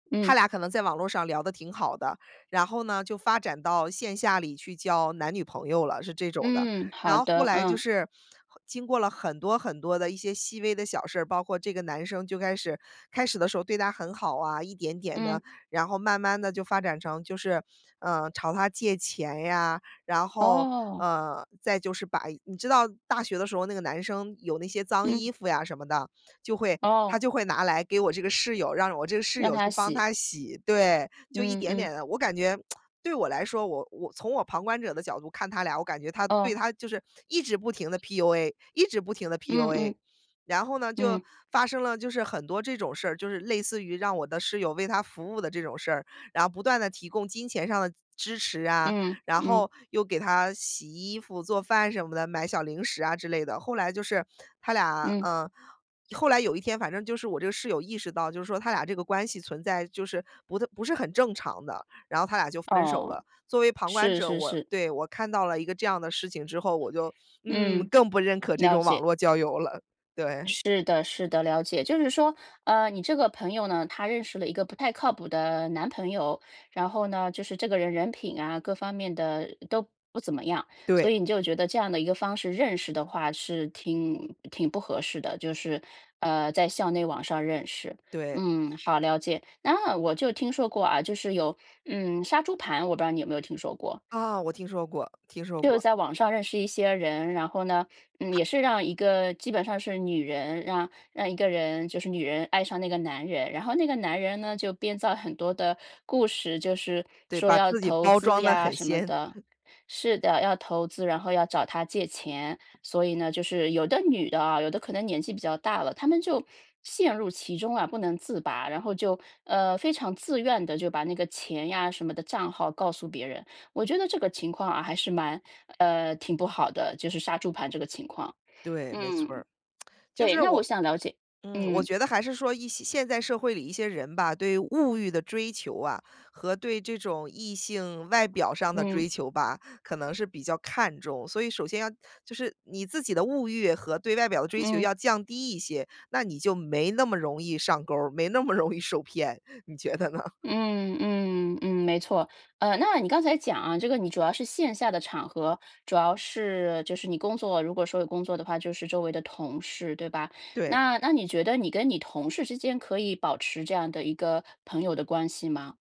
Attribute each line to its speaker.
Speaker 1: 她
Speaker 2: 嗯。
Speaker 1: 俩可能在网络上聊得挺好的，然后呢就发展到线下里去交男女朋友了，是这种的。
Speaker 2: 嗯，
Speaker 1: 然
Speaker 2: 好
Speaker 1: 后后
Speaker 2: 的，
Speaker 1: 来就
Speaker 2: 嗯。
Speaker 1: 是，经过了很多很多的一些细微的小事儿，包括这个男生就开始开始的时候对她很好啊，一点点地，
Speaker 2: 嗯。
Speaker 1: 然后慢慢地就发展成就是，呃，朝她借钱呀，然后，
Speaker 2: 哦。
Speaker 1: 呃，再就是把你知道大学的时候那个男生有那些脏衣
Speaker 2: 嗯。
Speaker 1: 服呀什么的，就会他
Speaker 2: 哦。
Speaker 1: 就会拿来给我这个室友，让我这个室
Speaker 2: 让
Speaker 1: 友去
Speaker 2: 她
Speaker 1: 帮
Speaker 2: 洗。
Speaker 1: 他洗。对，就一
Speaker 2: 嗯
Speaker 1: 点
Speaker 2: 嗯。
Speaker 1: 点地，我感觉，对我来说，我我从我旁观者的角度看他俩，我感觉他对
Speaker 2: 哦。
Speaker 1: 她就是一直不停地 PUA，一直不停地
Speaker 2: 嗯
Speaker 1: PUA。
Speaker 2: 嗯。
Speaker 1: 然后，就
Speaker 2: 嗯。
Speaker 1: 发生了很多这种事儿，就是类似于让我的室友为他服务的这种事儿，然后不断地提供金钱上的支持啊，
Speaker 2: 嗯
Speaker 1: 然
Speaker 2: 嗯。
Speaker 1: 后，又给他洗衣服做饭什么的，买小零食啊之类的，后来就是，他俩，
Speaker 2: 嗯。
Speaker 1: 嗯后来有一天反正就是我这个室友意识到，就是说她俩这个关系存在就是不不是很正常的，然后他俩就分手
Speaker 2: 哦，
Speaker 1: 了。作为旁观
Speaker 2: 是
Speaker 1: 者，
Speaker 2: 是
Speaker 1: 我
Speaker 2: 是。
Speaker 1: 对，我看到了一个这样的事情之后，我就，嗯，
Speaker 2: 嗯，
Speaker 1: 更不认可这
Speaker 2: 了
Speaker 1: 种网
Speaker 2: 解。
Speaker 1: 络交友了，对。
Speaker 2: 是的是的，了解。就是说，呃你这个朋友呢她认识了一个不太靠谱的男朋友，然后呢就是这个人人品啊各方面的都不怎么样，所
Speaker 1: 对。
Speaker 2: 以你就觉得这样的一个方式认识的话，是挺挺不合适的，就是，呃在校内网上认识。
Speaker 1: 对。
Speaker 2: 嗯，好了解。那我就听说过啊，就是有嗯杀猪盘，我不知道你有没有听说过？
Speaker 1: 啊，我听说过听说
Speaker 2: 就
Speaker 1: 过。
Speaker 2: 在网上认识一些人，然后呢，嗯也是让一个基本上是女人让让一个人就是女人爱上那个男人，然后那个男人呢，就编造很多的故事，就是
Speaker 1: 对，
Speaker 2: 说
Speaker 1: 把
Speaker 2: 要
Speaker 1: 自己
Speaker 2: 投
Speaker 1: 包
Speaker 2: 资
Speaker 1: 装得
Speaker 2: 呀
Speaker 1: 很
Speaker 2: 什么
Speaker 1: 鲜。
Speaker 2: 的是的，要投资，然后要找她借钱。所以呢，就是有的女的啊，有的可能年纪比较大了，她们就，陷入其中啊，不能自拔，然后就，呃，非常自愿地，就把那个钱呀什么的账号告诉别人，我觉得这个情况啊还是蛮，呃，挺不好的，就是杀猪盘这个情况。
Speaker 1: 对，没错
Speaker 2: 嗯，
Speaker 1: 儿。就
Speaker 2: 对，
Speaker 1: 是
Speaker 2: 那我
Speaker 1: 我
Speaker 2: 想了解
Speaker 1: 嗯，我
Speaker 2: 嗯。
Speaker 1: 觉得还是说一些现在社会里一些人吧，对物欲的追求啊，和对这种异性外表上的
Speaker 2: 嗯。
Speaker 1: 追求吧，可能是比较看重，所以首先要就是你自己的物欲和对外表的追求
Speaker 2: 嗯。
Speaker 1: 要降低一些，那你就没那么容易上钩儿，没那么容易受骗。你觉得呢？
Speaker 2: 嗯嗯嗯，没错。呃，那你刚才讲啊，这个你主要是线下的场合，主要是就是你工作如果说有工作的话就是周围的同事，对吧？
Speaker 1: 对。
Speaker 2: 那那你觉得你跟你同事之间可以保持这样的一个朋友的关系吗？